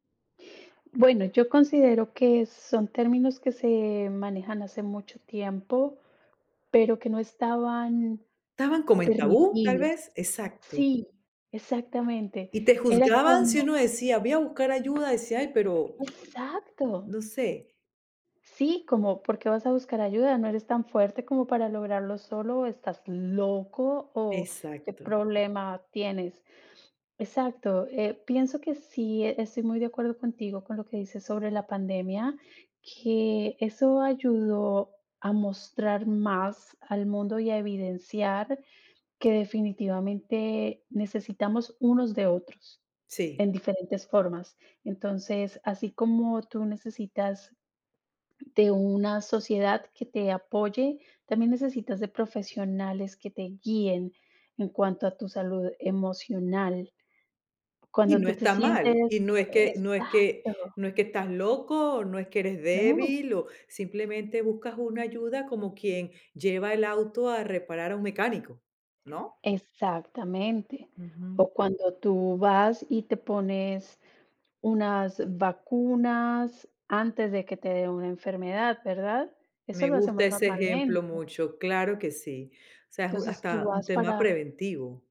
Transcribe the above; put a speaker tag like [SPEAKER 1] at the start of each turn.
[SPEAKER 1] Bueno, yo considero que son términos que se manejan hace mucho tiempo, pero que no estaban
[SPEAKER 2] ¿Estaban como en tabú, tal
[SPEAKER 1] permitidos.
[SPEAKER 2] vez? Exacto.
[SPEAKER 1] Sí, exactamente.
[SPEAKER 2] Y te
[SPEAKER 1] Era
[SPEAKER 2] juzgaban, si
[SPEAKER 1] como
[SPEAKER 2] uno decía: "Voy a buscar ayuda", decía: "Ay, pero"
[SPEAKER 1] Exacto.
[SPEAKER 2] "no sé".
[SPEAKER 1] Sí, como, ¿por qué vas a buscar ayuda? ¿No eres tan fuerte como para lograrlo solo o estás loco o qué
[SPEAKER 2] Exacto.
[SPEAKER 1] problema tienes? Exacto, eh, pienso que sí, estoy muy de acuerdo contigo con lo que dices sobre la pandemia, que eso ayudó a mostrar más al mundo y a evidenciar que definitivamente necesitamos unos de otros
[SPEAKER 2] Sí.
[SPEAKER 1] en diferentes formas. Entonces, así como tú necesitas de una sociedad que te apoye, también necesitas de profesionales que te guíen en cuanto a tu salud emocional
[SPEAKER 2] Y
[SPEAKER 1] Cuando
[SPEAKER 2] no
[SPEAKER 1] tú te
[SPEAKER 2] está mal. Y
[SPEAKER 1] sientes.
[SPEAKER 2] no es
[SPEAKER 1] E
[SPEAKER 2] que no es que
[SPEAKER 1] exacto.
[SPEAKER 2] no es que estás loco, no es que eres
[SPEAKER 1] No.
[SPEAKER 2] débil, o simplemente buscas una ayuda, como quien lleva el auto a reparar a un mecánico, ¿no?
[SPEAKER 1] Exactamente.
[SPEAKER 2] Ujú.
[SPEAKER 1] O cuando tú vas y te pones unas vacunas antes de que te dé una enfermedad, ¿verdad? Eso
[SPEAKER 2] Me
[SPEAKER 1] lo
[SPEAKER 2] gusta
[SPEAKER 1] hacemos
[SPEAKER 2] ese
[SPEAKER 1] normalmente.
[SPEAKER 2] ejemplo mucho, claro que sí. O sea, ju
[SPEAKER 1] Entonces, tú
[SPEAKER 2] hasta un
[SPEAKER 1] vas
[SPEAKER 2] tema
[SPEAKER 1] para
[SPEAKER 2] preventivo.